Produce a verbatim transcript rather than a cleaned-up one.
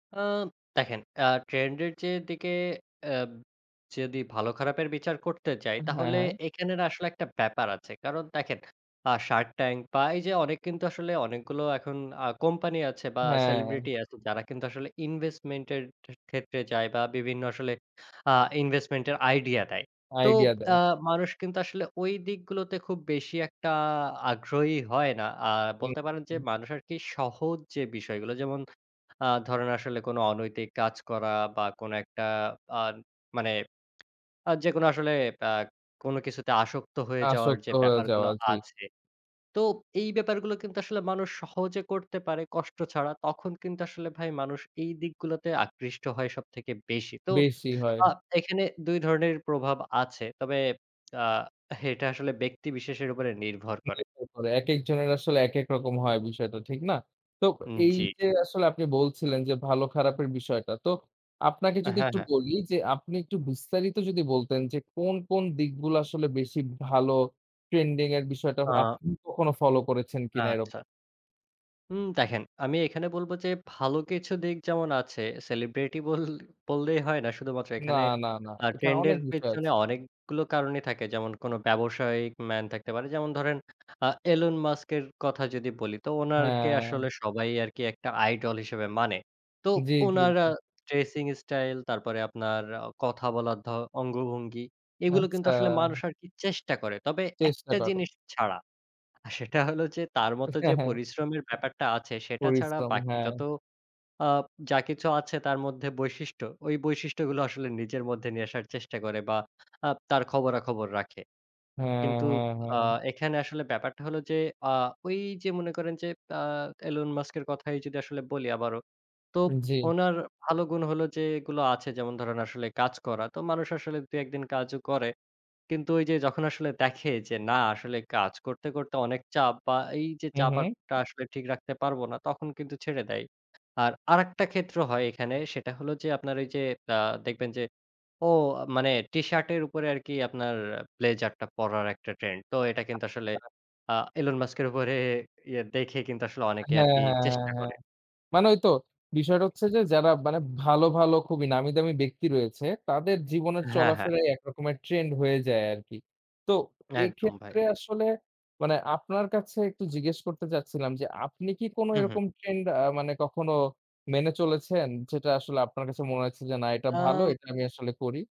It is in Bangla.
আ দেখেন আ ট্রেন্ড এর যে দিকে অ্যা যেদি ভালো খারাপের বিচার করতে যাই, উম হ্যাঁ, তাহলে হ্যাঁ। এখানের আসলে একটা ব্যাপার আছে। কারণ দেখেন আ Shark Tank বা এই যে অনেক কিন্তু আসলে অনেকগুলো এখন আ কোম্পানি আছে বা হ্যাঁ। সেলিব্রিটি আছে যারা কিন্তু আসলে ইনভেস্টমেন্ট এর টে ক্ষেত্রে যায়। বা বিভিন্ন আসলে আ ইনভেস্টমেন্টের আইডিয়া দেয়। তো আইডিয়া আ দেয়। মানুষ কিন্তু আসলে ওই দিকগুলোতে খুব বেশি একটা আগ্রহী হয় না। আ হু, বলতে পারেন যে হু। মানুষ আরকি সহজ যে বিষয়গুলো যেমন আ ধরেন আসলে কোনো অনৈতিক কাজ করা বা কোন একটা আ মানে আ যেকোনো আসলে আ কোন কিছুতে আসক্ত হয়ে যাওয়ার আসক্ত যে হয়ে ব্যাপারগুলো যাওয়া, জি। আছে। তো এই ব্যাপারগুলো কিন্তু আসলে মানুষ সহজে করতে পারে কষ্ট ছাড়া। তখন কিন্তু আসলে ভাই মানুষ এই দিকগুলোতে আকৃষ্ট হয় সবথেকে বেশি। তো বেশি হয়। আ এখানে দুই ধরনের প্রভাব আছে। তবে আ এটা আসলে ব্যক্তি বিশেষের উপরে নির্ভর করে। [unintelligible] একেক জনের আসলে একেক রকম হয় বিষয়টা, ঠিক না? তো হুম, এই জি। যে আসলে আপনি বলছিলেন যে ভালো খারাপের বিষয়টা। তো আপনাকে হ্যাঁ, যদি একটু হ্যাঁ। বলি যে আপনি একটু বিস্তারিত যদি বলতেন যে কোন কোন দিকগুলো আসলে বেশি ভালো? ট্রেন্ডিং এর বিষয়টা আ আপনি কখনো ফলো করেছেন কিনা আচ্ছা। এরকম? হুম, দেখেন আমি এখানে বলব যে ভালো কিছু দিক যেমন আছে, সেলিব্রিটি বল বললেই হয় না শুধুমাত্র না, এখানে, না, না। আ এখানে ট্রেন্ড এর অনেক বিষয় আছ পেছনে অনেকগুলো কারণই থাকে। যেমন কোন ব্যবসায়িক ম্যান থাকতে পারে। যেমন ধরেন আ Elon Musk এর কথা যদি বলি। তো উনারকে হ্যাঁ। আসলে সবাই আরকি একটা আইডল হিসেবে মানে। তো জি, জি, উনারা জি। ড্রেসিং ইস্টাইল তারপরে আপনার আ কথা বলার ধ অঙ্গভঙ্গি এগুলো কিন্তু আচ্ছা। আসলে মানুষ আরকি চেষ্টা করে। তবে চেষ্টা একটা করো। জিনিস ছাড়া। সেটা হলো যে তার মত যে পরিশ্রমের ব্যাপারটা আছে, সেটা ছাড়া পরিশ্রম, বাকি হ্যাঁ। যত আ যা কিছু আছে তার মধ্যে বৈশিষ্ট্য, ওই বৈশিষ্ট্যগুলো আসলে নিজের মধ্যে নিয়ে আসার চেষ্টা করে বা আ তার খবরাখবর রাখে। হ্যাঁ, কিন্তু হ্যাঁ, আ হ্যাঁ। এখানে আসলে ব্যাপারটা হলো যে আ ওই যে মনে করেন যে আ Elon Musk এর কথাই যদি আসলে বলি আবারো। তো জি। ওনার ভালো গুণ হল যে এগুলো আছে যেমন ধরেন আসলে কাজ করা। তো মানুষ আসলে দুই একদিন কাজও করে। কিন্তু ওই যে যখন আসলে দেখে যে না আসলে কাজ করতে করতে অনেক চাপ বা এই যে হু, চাপ হু। আর টা আসলে ঠিক রাখতে পারবো না, তখন কিন্তু ছেড়ে দেয়। আর আরেকটা ক্ষেত্র হয় এখানে, সেটা হলো যে আপনার ওই যে আ দেখবেন যে ও মানে টিশার্টের উপরে আরকি আপনার ব্লেজার টা পড়ার একটা ট্রেন্ড। তো এটা কিন্তু আসলে আচ্ছা। আ Elon Musk উপরে ইয়া দেখে কিন্তু আসলে অনেকে হ্যাঁ, আরকি হ্যাঁ, হ্যাঁ, চেষ্টা হ্যাঁ। করে। মানে ওই তো বিষয়টা হচ্ছে যে যারা মানে ভালো, ভালো খুবই নামি দামি ব্যক্তি রয়েছে, তাদের জীবনের হ্যাঁ, হ্যাঁ। চলাফেরাই এক রকমের ট্রেন্ড হয়ে যায় আরকি। তো একদম, ভাই। এক্ষেত্রে আসলে মানে আপনার কাছে একটু জিজ্ঞেস করতে চাচ্ছিলাম যে আপনি কি কোন হু, হু। এরকম ট্রেন্ড আ মানে কখনো মেনে চলেছেন? যেটা আসলে আপনার কাছে মনে হয়েছে যে না এটা ভালো, আ এটা আমি আসলে করি?